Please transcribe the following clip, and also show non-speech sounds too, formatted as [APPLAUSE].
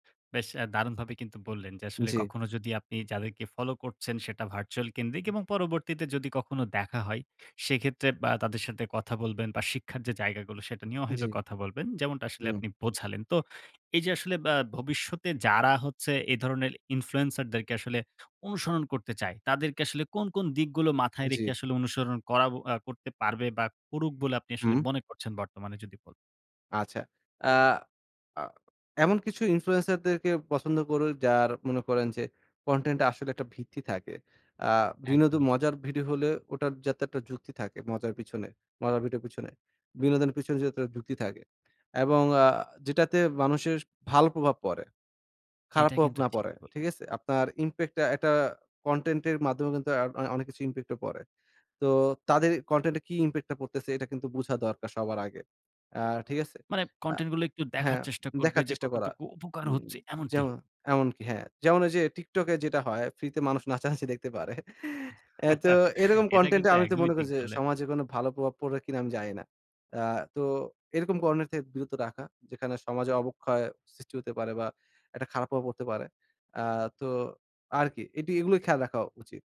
বেশ আ দারুণভাবে কিন্তু বললেন যে আসলে জি। কখনো যদি আপনি যাদেরকে ফলো করছেন সেটা ভার্চুয়াল কেন্দ্রিক এবং পরবর্তীতে যদি কখনো দেখা হয়, সেক্ষেত্রে বা তাদের সাথে কথা বলবেন বা শিক্ষার যে জায়গাগুলো সেটা নিয়েও জি, হয়তো কথা বলবেন। যেমনটা আসলে হুম। আপনি বোঝালেন। তো এইযে আসলে বা ভবিষ্যতে যারা হচ্ছে এই ধরনের Influencer দেরকে আসলে অনুসরণ করতে চায়, তাদেরকে আসলে কোন, কোন দিকগুলো মাথায় রেখে জি আসলে অনুসরণ করাব আ করতে পারবে বা করুক বলে আপনি আসলে হুম। মনে করছেন বর্তমানে যদি বলেন। আচ্ছা। আ আ এমন কিছু Influencer দেরকে পছন্দ করুক যার মনে করেন যে Content আসলে একটা ভিত্তি থাকে। আ বিনোদন একদমই ঠিক। মজার ভিডিও হলে ওটা যাতে একটা যুক্তি থাকে মজার পিছনে। মজার ভিডিও পিছনে। বিনোদনের পিছনে যাতে যুক্তি থাকে। এবং আ যেটাতে মানুষের ভালো প্রভাব পড়ে। খারাপ এটা প্রভাব কিন্তু না পড়ে, ঠিকই ঠিক বললেন। আছে? আপনার ইমপ্যাক্ট টা একটা কনটেন্ট এর মাধ্যমে কিন্তু আ অনেক কিছু ইমপ্যাক্ট ও পড়ে। তো তাদের কনটেন্ট এ কি ইমপ্যাক্ট টা পড়তেছে এটা কিন্তু বুঝা দরকার সবার আগে। আ ঠিক আছে? মানে আ কনটেন্ট গুলো একটু দেখার হ্যাঁ চেষ্টা করবে দেখার যে চেষ্টা করা। কতটুকু উপকার এম হচ্ছে এমনটি। যেমন এমনকি হ্যাঁ যেমন ওইযে টিকটকে যেটা হয় ফ্রিতে মানুষ নাচানাচি দেখতে পারে। [CHUCKLES] অ্যা তো [LAUGHS] এরকম এটা কনটেন্ট এ কিন্তু আমি তো একদমই মনে করি ঠিক যে বললেন। সমাজে কোন ভালো প্রভাব পড়বে কিনা আমি জানি না। আ তো এরকম কনটেন্ট থেকে বিরত রাখা যেখানে সমাজের অবক্ষয় সৃষ্টি হতে পারে বা একটা খারাপ প্রভাব ও পরতে পারে। আ তো আরকি এটি এগুলোই খেয়াল রাখা উচিত।